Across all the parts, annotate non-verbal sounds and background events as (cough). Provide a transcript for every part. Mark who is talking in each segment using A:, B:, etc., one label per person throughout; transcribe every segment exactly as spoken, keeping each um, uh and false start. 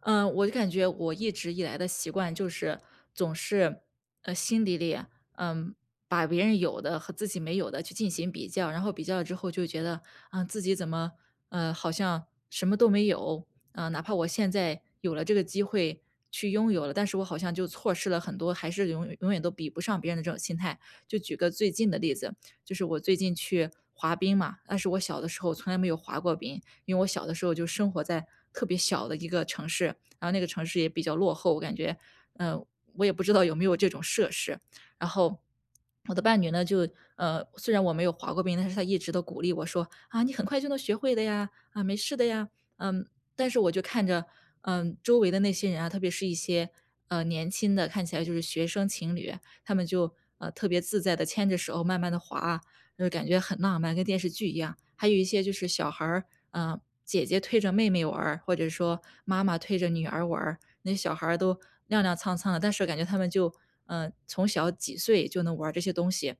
A: 嗯，我就感觉我一直以来的习惯就是，总是，呃，心底里，嗯，把别人有的和自己没有的去进行比较。然后比较了之后就觉得，嗯，自己怎么，嗯，好像什么都没有。嗯，哪怕我现在有了这个机会去拥有了，但是我好像就错失了很多，还是永永远都比不上别人的这种心态。就举个最近的例子，就是我最近去滑冰嘛，但是我小的时候从来没有滑过冰。因为我小的时候就生活在，特别小的一个城市，然后那个城市也比较落后，我感觉。嗯，我也不知道有没有这种设施。然后，(swallows) 我的伴侣呢，就呃，虽然我没有滑过冰，但是他一直都鼓励我说：“啊，你很快就能学会的呀。啊，没事的呀。”嗯，但是我就看着，嗯，周围的那些人啊，特别是一些嗯，年轻的，看起来就是学生情侣，他们就呃，特别自在地牵着手慢慢地滑，就是感觉很浪漫，跟电视剧一样。还有一些就是小孩儿，嗯，姐姐推着妹妹玩儿，或者说妈妈推着女儿玩儿，那小孩都踉踉 cang cang 的。但是感觉他们就呃，从小几岁就能玩儿这些东西。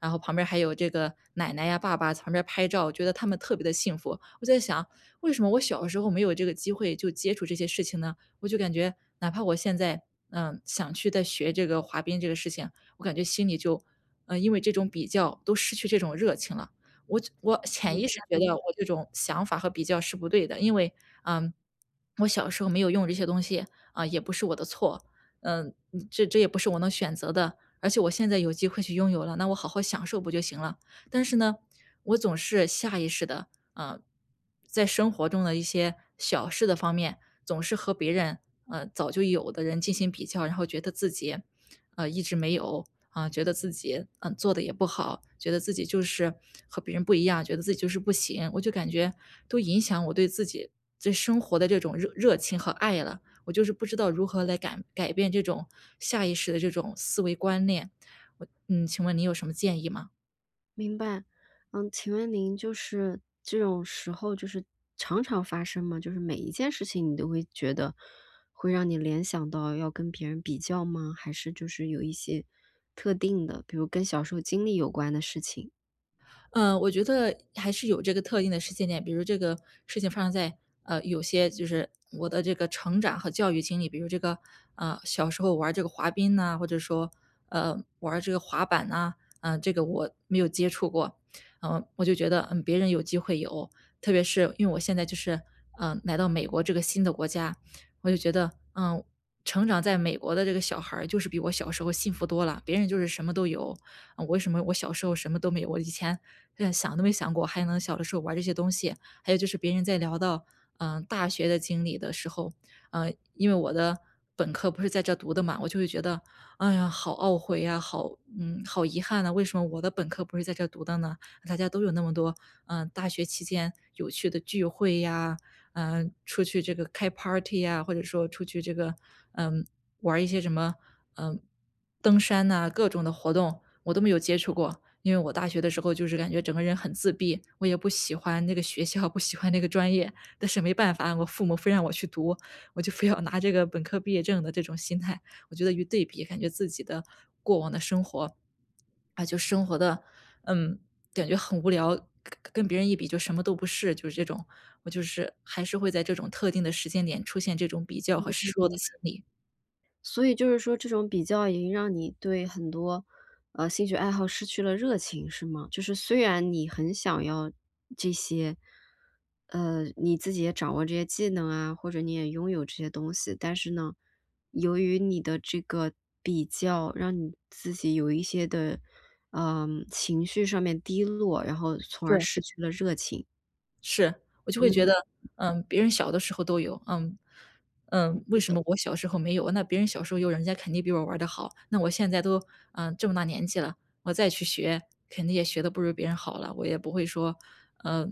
A: 然后旁边还有这个奶奶呀、爸爸在旁边儿拍照，我觉得他们特别地幸福。我在想，为什么我小的时候没有这个机会就接触这些事情呢？我就感觉，哪怕我现在，呃，想去再学这个滑冰这个事情，我感觉心里就呃，因为这种比较都失去这种热情了。我我潜意识觉得，
B: (unintelligible)
A: 我这种想法和比较是不对的，因为，嗯，我小时候没有用这些东西，啊，也不是我的错。呃，这这也不是我能选择的，而且我现在有机会去拥有了，那我好好享受不就行了。但是呢，我总是下意识地，啊，在生活中的一些小事的方面，总是和别人呃，早就有的人进行比较。然后觉得自己，呃，一直没有，呃，觉得自己，呃，做得也不好，觉得自己就是和别人不一样，觉得自己就是不行。我就感觉都影响我对自己对生活的这种热热情和爱了，我就是不知道如何来改赶改变这种下意识的这种思维观念。我嗯，请问你有什么建议吗？
B: 明白，嗯，请问您就是，这种时候就是常常发生吗？就是每一件事情，你都会觉得，会让你联想到要跟别人比较吗？还是就是有一些特定的，比如跟小时候经历有关的事情。
A: 嗯，我觉得还是有这个特定的时间点，比如这个事情发生在，呃，有些就是我的这个成长和教育经历。比如这个，啊，小时候玩儿这个滑冰呐，或者说，呃，玩儿这个滑板呐，嗯，这个我没有接触过。嗯，我就觉得，嗯，别人有机会有，特别是因为我现在就是，嗯，来到美国这个新的国家。我就觉得，嗯，成长在美国的这个小孩儿就是比我小时候幸福多啦。别人就是什么都有，嗯，为什么我小时候什么都没有，我以前就连都没想过，还能小的时候玩儿这些东西。还有就是别人在聊到，嗯，大学的经历的时候，嗯，因为我的本科不是在这儿读的嘛。我就会觉得，哎呀，好懊悔呀，好，嗯，好遗憾呐，为什么我的本科不是在这儿读的呢？大家都有那么多，嗯，大学期间有趣的聚会呀，嗯，出去这个开 party 呀，或者说出去这个，嗯，玩儿一些什么，嗯，登山呐，各种的活动，我都没有接触过。因为我大学的时候就是感觉整个人很自闭，我也不喜欢那个学校、不喜欢那个专业，但是没办法，我父母非让我去读，我就非要拿这个本科毕业证的这种心态。我觉得一对比，感觉自己的过往的生活，啊，就生活得，嗯，感觉很无聊，跟跟别人一比就什么都不是，就是这种。我就是还是会在这种特定的时间点出现这种比较
B: 明
A: 和
B: 白
A: 失落的
B: 明白。
A: 心理。
B: 所以就是说这种比较已经让你对很多，啊，兴趣爱好失去了热情，是吗？就是虽然你很想要这些。呃，你自己也掌握这些技能啊，或者你也拥有这些东西。但是呢，由于你的这个比较，让你自己有一些的，呃，情绪上面低落，然后从
A: 是。
B: 而失去了热情。
A: 是，我就会觉
B: 嗯。
A: 得，嗯，别人小的时候都有，嗯，嗯，为
B: 是
A: 什
B: 的。
A: 么我小时候没有。那别人小时候有人家肯定比我玩儿得好，那我现在都，呃，这么大年纪了，我再去学肯定也学得不如别人好了。我也不会说，呃，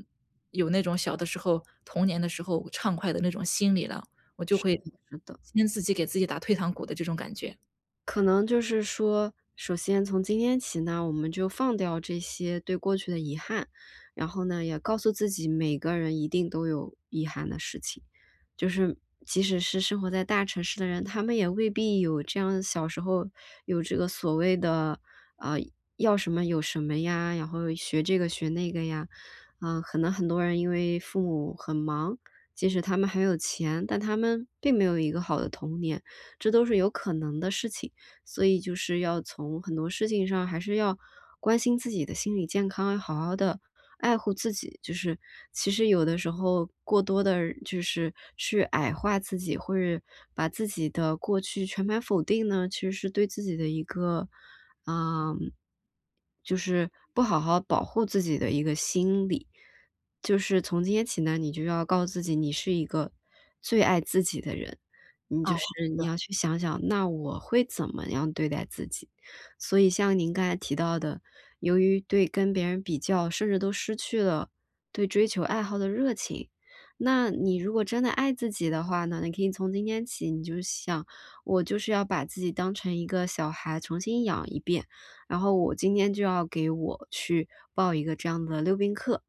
A: 有那种小的时候童年的时候畅快的那种心理了，我就
B: 是
A: 会，
B: 的是的。
A: 跟自己给自己打退堂鼓的这种感觉。
B: 可能就是说，首先从今天起呢，我们就放掉这些对过去的遗憾。然后呢，也告诉自己，每个人一定都有遗憾的事情。就是，即使是生活在大城市的人，他们也未必有这样，小时候有这个所谓的，啊，要什么有什么呀，然后学这个学那个呀。啊，可能很多人因为父母很忙，即使他们很有钱，但他们并没有一个好的童年，这都是有可能的事情。所以就是要从很多事情上还是要关心自己的心理健康，好好地爱护自己。就是，其实有的时候过多地就是去矮化自己，或者把自己的过去全盘否定呢，其实是对自己的一个啊，就是不好好保护自己的一个心理。就是从今天起呢，你就要告诉自己，你是一个最爱自己的人，你
A: 哦，
B: 就是，
A: 是。
B: 你要去想想，那我会怎么样对待自己。所以像您刚才提到的，由于对跟别人比较，甚至都失去了对追求爱好的热情。那你如果真的爱自己的话呢，你可以从今天起，你就想，我就是要把自己当成一个小孩，重新养一遍。然后我今天就要给我去报一个这样的溜冰课，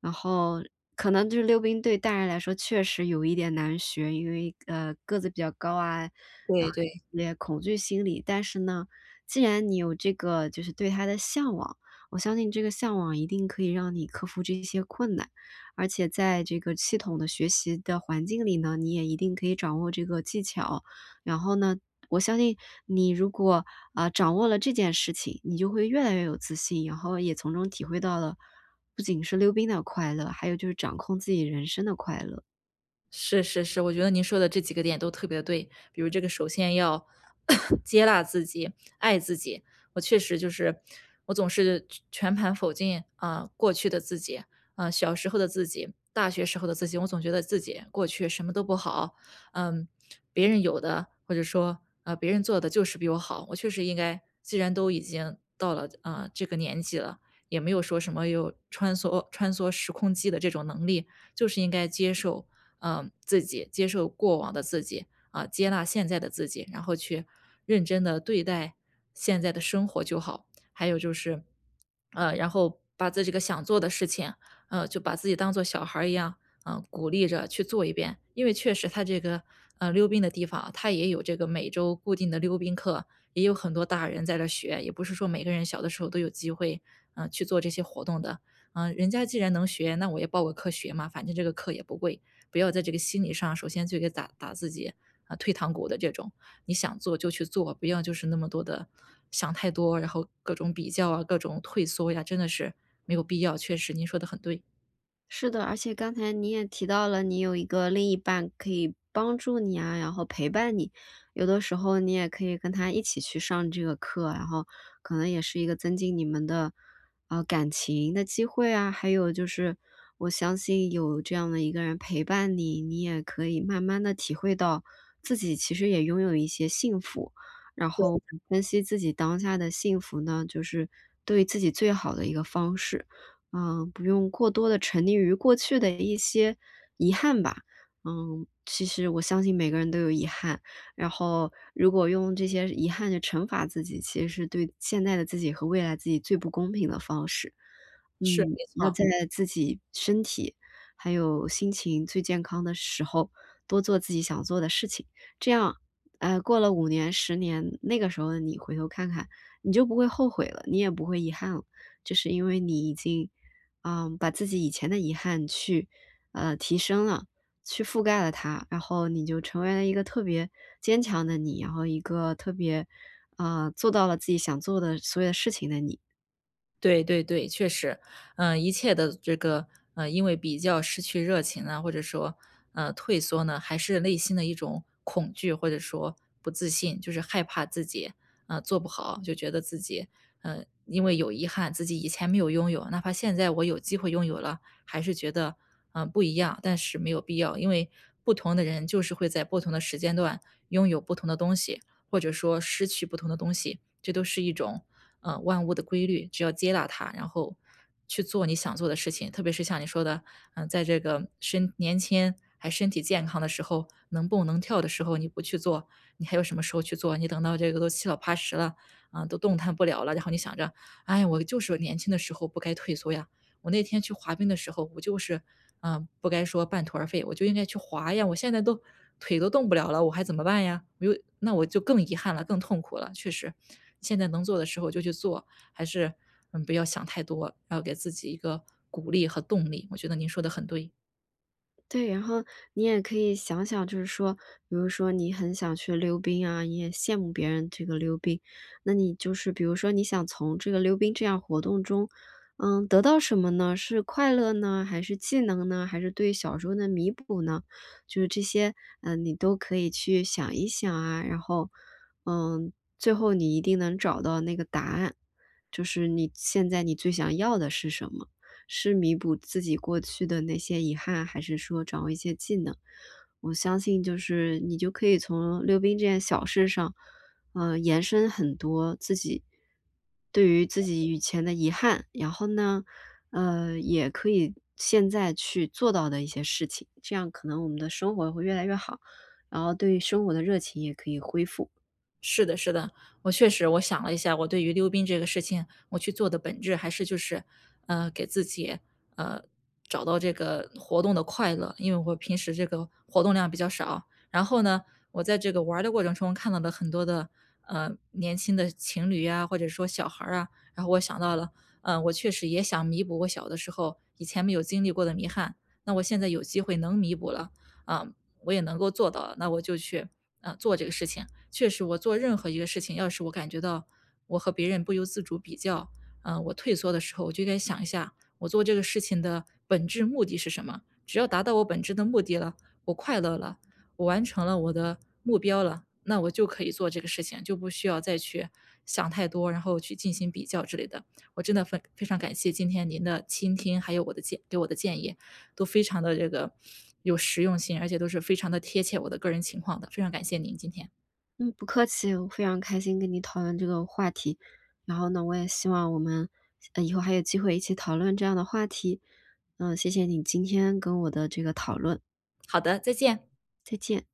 B: 然后可能就是溜冰对大人来说确实有一点难学，因为，呃，个子比较高啊，啊，
A: 对对。
B: 也恐惧心理，但是呢，既然你有这个，就是对它的向往，我相信这个向往一定可以让你克服这些困难。而且在这个系统的学习的环境里呢，你也一定可以掌握这个技巧。然后呢，我相信你如果，呃，掌握了这件事情，你就会越来越有自信，以后也从中体会到了，不仅是溜冰的快乐，还有就是掌控自己人生的快乐。
A: 是是是，我觉得您说的这几个点都特别对。比如这个首先要 (coughs) 接纳自己，爱自己。我确实就是，我总是全盘否进，啊，过去的自己，啊，小时候的自己，大学时候的自己。我总觉得自己过去什么都不好。嗯，别人有的，或者说呃，别人做得就是比我好，我确实应该既然都已经到了，呃，这个年纪了，也没有说什么，有穿梭穿梭时空机的这种能力，就是应该接受，嗯，自己、接受过往的自己，啊，接纳现在的自己，然后去认真地对待现在的生活就好。还有就是，(swallows) 嗯，然后把在这个想做的事情，啊，就把自己当做小孩儿一样，嗯，鼓励着去做一遍。因为确实它这个，啊，溜冰的地方啊，它也有这个每周固定的溜冰课，也有很多大人在这儿学，也不是说每个人小的时候都有机会，啊，去做这些活动的。嗯，人家既然能学，那我也报个课学嘛，反正这个课也不贵，不要在这个心理上首先就给打打自己，呃，退堂鼓的这种。你想做就去做，不要就是那么多的，想太多，然后各种比较啊、各种退缩呀，真的是没有必要，确实您说的很对。
B: 是的，而且刚才你也提到了，你有一个另一半可以帮助你啊，然后陪伴你。有的时候，你也可以跟他一起去上这个课，然后，可能也是一个增进你们的呃，感情的机会啊。还有就是，我相信有这样的一个人陪伴你，你也可以慢慢地体会到，自己其实也拥有一些幸福，然
A: 对
B: 后
A: 的。
B: 分析自己当下的幸福呢，就是对自己最好的一个方式。啊，不用过多地沉溺于过去的一些遗憾吧。嗯，其实我相信每个人都有遗憾，然后，如果用这些遗憾去惩罚自己，其实是对现在的自己和未来自己最不公平的方式。
A: 是，
B: 嗯，
A: 没
B: 要
A: 错。
B: 在自己身体还有心情最健康的时候，多做自己想做的事情。这样哎，过了五年十年，那个时候的你回头看看，你就不会后悔了，你也不会遗憾了。就是因为你已经，啊，把自己以前的遗憾去呃，提升了，去覆盖了它，然后你就成为了一个特别坚强的你，然后一个特别，啊，做到了自己想做的所有的事情的你。
A: 对对对，确实。嗯，一切的这个，呃，因为比较失去热情啊，或者说，嗯，退缩呢，还是内心的一种恐惧，或者说不自信就是害怕自己，嗯，做不好，就觉得自己嗯，因为有遗憾自己以前没有拥有，哪怕现在我有机会拥有了，还是觉得，嗯，不一样，但是没有必要。因为不同的人就是会在不同的时间段，拥有不同的东西，或者说失去不同的东西，这都是一种，呃，万物的规律，只有接纳它，然后，去做你想做的事情。特别是像你说的，呃，在这个身年轻还身体健康的时候，能蹦、能跳的时候你不去做，你还有什么时候去做？你等到这个都七老八十了，啊，都动弹不了了，然后你想着，哎呀，我就是年轻的时候不该退缩呀，我那天去滑冰的时候，我就是，啊，不该说半途而废，我就应该去滑呀，我现在都，腿都动不了了，我还怎么办呀？我那我就更遗憾了，更痛苦了，确实。现在能做的时候就去做，还是，嗯，不要想太多，要给自己一个鼓励和动力。我觉得您说的很对。
B: 对，然后你也可以想想，就是说，比如说你很想去溜冰啊，你也羡慕别人这个溜冰。那你就是比如说你想从这个溜冰这样活动中，嗯，得到什么呢？是快乐呢？还是技能呢？还是对小时候的弥补呢？就是这些，嗯，你都可以去想一想啊，然后，嗯，最后你一定能找到那个答案。就是你现在你最想要的是什么，是弥补自己过去的那些遗憾？还是说掌握一些技能？我相信就是，你就可以从溜冰这件小事上，啊，延伸很多，自己对于自己以前的遗憾，然后呢，呃，也可以现在去做到的一些事情，这样可能我们的生活会越来越好，然后对于生活的热情也可以恢复。
A: 是的是的，我确实我想了一下，我对于溜冰这个事情，我去做的本质还是就是。嗯，给自己，呃，找到这个活动的快乐，因为我平时这个活动量比较少，然后呢，我在这个玩儿的过程中看到的很多的，呃，年轻的情侣啊，或者说小孩儿啊，然后我想到了，嗯，我确实也想弥补我小的时候以前没有经历过的遗憾。那我现在有机会能弥补了，啊，我也能够做到了，那我就去，呃，做这个事情。确实我做任何一个事情，要是我感觉到我和别人不由自主比较，啊，我退缩的时候，我就应该想一下，我做这个事情的本质目的是什么？只要达到我本质的目的了，我快乐了，我完成了我的目标了，那我就可以做这个事情，就不需要再去想太多，然后去进行比较之类的，我真的非非常感谢今天您的倾听，还有我的建给我的建议，都非常地这个有实用性，而且都是非常地贴切我的个人情况的，非常感谢您，今天。
B: 嗯，不客气，我非常开心跟你讨论这个话题，然后呢我也希望我们，呃，以后还有机会一起讨论这样的话题，嗯，谢谢你今天跟我的这个讨论。
A: 好的，再见。
B: 再见。